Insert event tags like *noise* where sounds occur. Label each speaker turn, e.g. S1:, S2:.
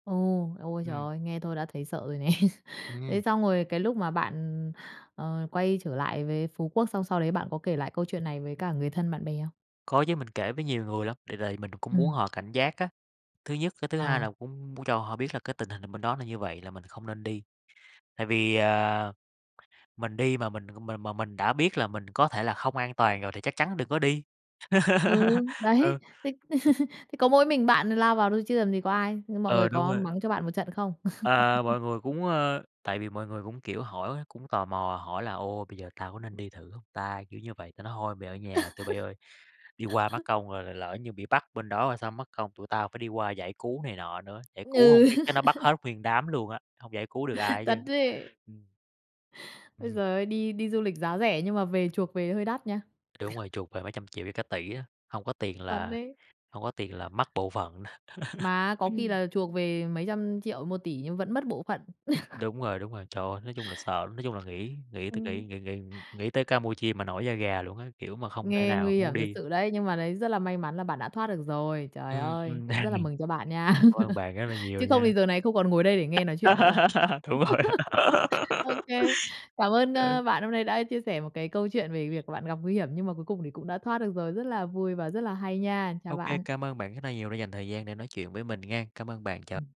S1: Ồ, ôi trời
S2: Ừm.
S1: ơi, nghe thôi đã thấy sợ rồi nè. Thế
S2: Ừm.
S1: xong rồi cái lúc mà bạn, ờ, quay trở lại với Phú Quốc xong sau đấy bạn có kể lại câu chuyện này với cả người thân, bạn bè không?
S2: Có chứ, mình kể với nhiều người lắm, để rời mình cũng muốn
S1: Ừm.
S2: họ cảnh giác á, thứ nhất, cái thứ hai
S1: Ờ.
S2: là cũng muốn cho họ biết là cái tình hình nà bên đó là như vậy là mình không nên đi. Tại vì, ờ, mình đi mà mình m mà mình đã biết là mình có thể là không an toàn rồi thì chắc chắn đừng có đi.
S1: Ừ,
S2: *laughs*
S1: đấy,
S2: Ừ.
S1: thế *laughs* thế có mỗi mình bạn lao vào thôi chứ làm gì có ai. Ư, mọi người
S2: Ờ, đúng
S1: có
S2: rồi.
S1: mắng cho bạn một trận không?
S2: À,
S1: *chuckles*
S2: mọi người cũng, ơ tại vì mọi người cũng, kiểu, hỏi, cũng tò mò hỏi là "Ồ, bây giờ tao có nên đi thử hông ta?", kiểu như vậy, ta nói: "Thôi, mày ở nhà tụi bây ơi! Đi qua mất
S1: *laughs*
S2: công rồi rồi lỡ như bị bắt bên đó rồi sao? Mắc công tụi tao phải đi qua giải cứu này nọ nữa. Giải cứu hông
S1: Ừ.
S2: biết chắc nó bắt hết
S1: *laughs*
S2: nguyên đám luôn á, hông giải cứu được ai hết
S1: Thật
S2: trơn."
S1: ấy.
S2: Ừm.
S1: Ối
S2: Ừm.
S1: giời ơi, đi đi du lịch giá rẻ nhưng mà về chuộc về hơi đắt nha.
S2: Đúng
S1: *chuckles*
S2: rồi, chuộc về mấy trăm triệu với cả tỷ á, hông có tiền
S1: Thật
S2: là
S1: đấy.
S2: hông có tiền là mất bộ phận. *laughs*
S1: Mà á, có khi là chuộc về mấy trăm triệu, 1.000.000.000 nhưng vẫn mất bộ phận. *chuckles*
S2: Đúng rồi, đúng rồi. Trời ơi, nói chung là sợ, nói chung là nghĩ nghĩ t nghĩ
S1: Ừm.
S2: nghĩ nghĩ nghĩ tới Campuchia mà nổi da gà luôn á, kiểu mà, không thể
S1: Nghe
S2: nào
S1: nguy
S2: muốn
S1: hiểm thật
S2: đi.
S1: sự đấy, nhưng mà đấy, rất là may mắn là bạn đã thoát được rồi. Trời
S2: Ừm,
S1: ơi,
S2: ừm,
S1: cũng rất
S2: đang
S1: là
S2: ni
S1: mừng cho bạn nha.
S2: Cảm ơn
S1: *laughs*
S2: bạn rất là nhiều
S1: Chứ
S2: nha.
S1: không thì giờ này không còn ngồi đây để nghe nói chuyện nữa rồi.
S2: *laughs* Đúng rồi.
S1: *laughs*
S2: *laughs*
S1: OK, cảm ơn,
S2: Ờ.
S1: ơ, bạn hôm nay đã chia sẻ một cái câu chuyện về việc bạn gặp nguy hiểm nhưng mà cuối cùng thì cũng đã thoát được rồi. Rất là vui và rất là hay nha. Chào
S2: OK,
S1: bạn.
S2: cảm ơn bạn rất là nhiều đã dành thời gian để nói chuyện với mình nghen. Cảm ơn bạn, chào
S1: Ừm.